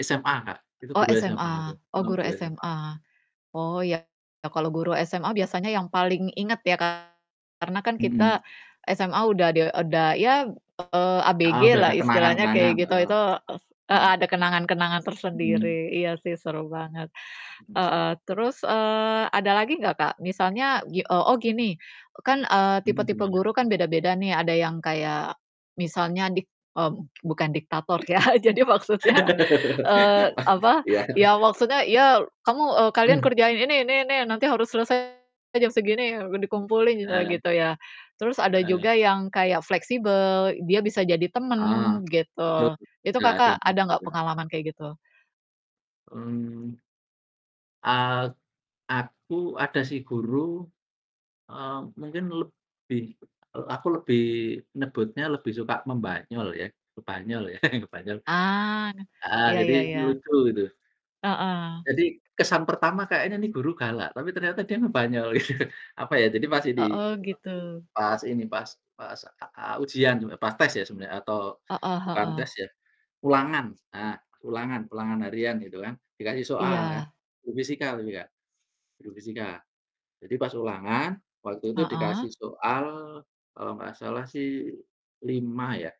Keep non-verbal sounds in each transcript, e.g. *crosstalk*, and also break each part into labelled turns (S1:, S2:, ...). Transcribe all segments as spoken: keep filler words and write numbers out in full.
S1: SMA, Kak, itu
S2: Oh
S1: guru SMA itu.
S2: SMA, oh
S1: Heeh,
S2: guru
S1: guru SMA.
S2: SMA. Oh ya kalau guru SMA biasanya yang paling inget ya kan karena kan kita
S1: Mmm.
S2: SMA udah de udah ya eee, ABG
S1: Heeh, udah
S2: lah
S1: ada kenangan
S2: istilahnya
S1: kenangan,
S2: kayak gitu
S1: heeh.
S2: itu ef heeh,
S1: Mhm.
S2: ada kenangan-kenangan
S1: Mhm.
S2: tersendiri. Iya sih seru banget.
S1: Mhm, *unintelligible*
S2: Heeh, terus eee, ada lagi ga Kak? Misalnya, gi oh oh gini, e kan, eee,
S1: Mhm,
S2: tipe-tipe
S1: gimana?
S2: guru kan beda-beda nih. Ada yang kayak misalnya dik mmm, bukan diktator ya jadi maksudnya eee,
S1: *laughs* Wah,
S2: apa.
S1: iya.
S2: Ya maksudnya ya kamu eee, "Kalian
S1: Mhm.
S2: kerjain ini ini, nanti harus selesai jam segini dikumpulin." Oh
S1: Heeh.
S2: gitu ya. Terus ada
S1: Heeh.
S2: juga yang kayak fleksibel dia bisa jadi temen
S1: Ah, betul
S2: gitu. Itu
S1: sudah ada,
S2: Kakak
S1: mhm,
S2: ada ga
S1: gitu.
S2: pengalaman kayak gitu?
S1: Mmm. Ak aku ada sih guru, eee, mungkin lebih, e aku lebih nyebutnya lebih suka membanyol ya, ngebanyol ya, *chuckles* ngebanyol
S2: Ah,
S1: heeh,
S2: ya
S1: jadi
S2: ya ya.
S1: lucu gitu.
S2: Heeh.
S1: Jadi kesan pertama kayaknya ini guru galak, tapi ternyata dia ngebanyol gitu, apa ya, jadi pas
S2: Oh
S1: idi
S2: oh gitu.
S1: pas ini, pas pas, e eee, ujian, sebe pas tes ya sebenarnya atau
S2: Heeh
S1: bukan
S2: heeh.
S1: tes ya, ulangan, s eee, ulangan ulangan harian gitu kan. Dikasih soal kan.
S2: Iya.
S1: Guru fisika uwi Kak, guru fisika. Jadi pas ulangan, waktu itu
S2: Heeh.
S1: dikasih soal kalau nggak salah sih lima ya,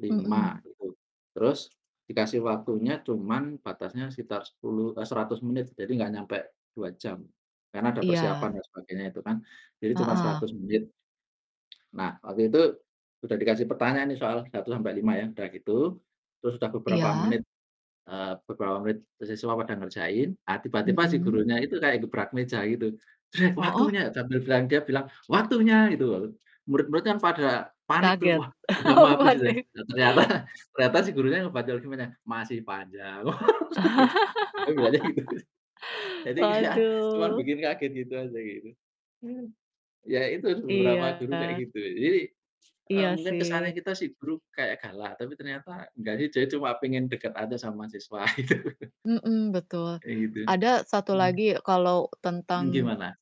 S1: lima
S2: Mhm.
S1: gitu, terus dikasih waktunya cuma batasnya sekitar sepuluh eh, seratus menit jadi nggak nyampe dua jam karena ada persiapan
S2: Iya.
S1: dan sebagainya itu kan. Jadi cuma
S2: Heeh.
S1: seratus menit. Nah, waktu itu udah dikasih pertanyaan nih soal, satu sampai, lima ya. Udah gitu, terus udah beberapa
S2: Iya.
S1: menit, eee, beberapa menit, siswa pada ngerjain. Eee, tiba-tiba si
S2: Mhm.
S1: gurunya itu kayak gebrak meja gitu.
S2: Hooh.
S1: "Waktunya!" Sambil bilang, dia bilang, "Waktunya," gitu. Lalu, murid-murid kan pada panik tuh,
S2: Kaget.
S1: "Wah udah
S2: Oh
S1: mah abis," gitu ya.
S2: panik
S1: Loh, ternyata ternyata si gurunya ngebanyol, gimana, "Masih panjang." Oh wes ketipu, dia bilangnya gitu.
S2: *laughs*
S1: Jadi kayak cuma
S2: Waduh.
S1: bikin kaget gitu aja kayak gitu. Mmm, ya, itu beberapa guru kayak
S2: Iya.
S1: gitu. Jadi, eee,
S2: Iya
S1: mungkin kesannya
S2: sih.
S1: kita si guru kayak galak tapi ternyata nggak di dia cuma pengen deket aja sama siswa gitu.
S2: Mhm betul.
S1: Kayak gitu,
S2: Ada satu
S1: mhm.
S2: lagi kalo
S1: Ng
S2: tentang
S1: gimana?